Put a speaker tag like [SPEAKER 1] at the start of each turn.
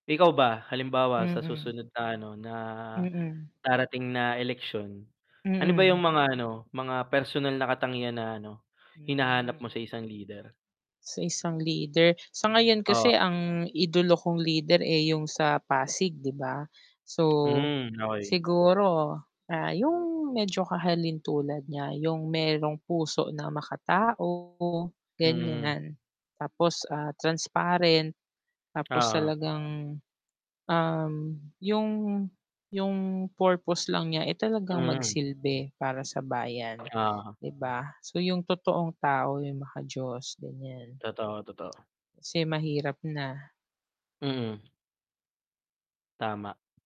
[SPEAKER 1] Ikaw ba? Halimbawa sa
[SPEAKER 2] Mm.
[SPEAKER 1] susunod na ano na,
[SPEAKER 2] Mm.
[SPEAKER 1] darating na eleksyon. Ano ba yung
[SPEAKER 2] Mm.
[SPEAKER 1] mga ano, mga personal na katangian na ano, hinahanap
[SPEAKER 2] Hmm.
[SPEAKER 1] mo sa isang leader?
[SPEAKER 2] Sa isang leader, sa ngayon kasi
[SPEAKER 1] Oo.
[SPEAKER 2] ang idolo kong leader eh, yung sa Pasig 'di ba? So,
[SPEAKER 1] Hmm, okey.
[SPEAKER 2] siguro, ah, yung medyo kahalintulad niya, yung merong puso na makatao,
[SPEAKER 1] Hmm.
[SPEAKER 2] ganyan. Tapos ah, transparent. Tapos
[SPEAKER 1] Oo.
[SPEAKER 2] talagang, um, yung yung purpose lang niya eh, talagang
[SPEAKER 1] Hmm.
[SPEAKER 2] mag-silbi para sa bayan,
[SPEAKER 1] Oo.
[SPEAKER 2] 'di ba? So yung totoong tao yung mga maka-Diyos, ganyan.
[SPEAKER 1] Totoo, totoo.
[SPEAKER 2] mahirap na.
[SPEAKER 1] Mm. Tama.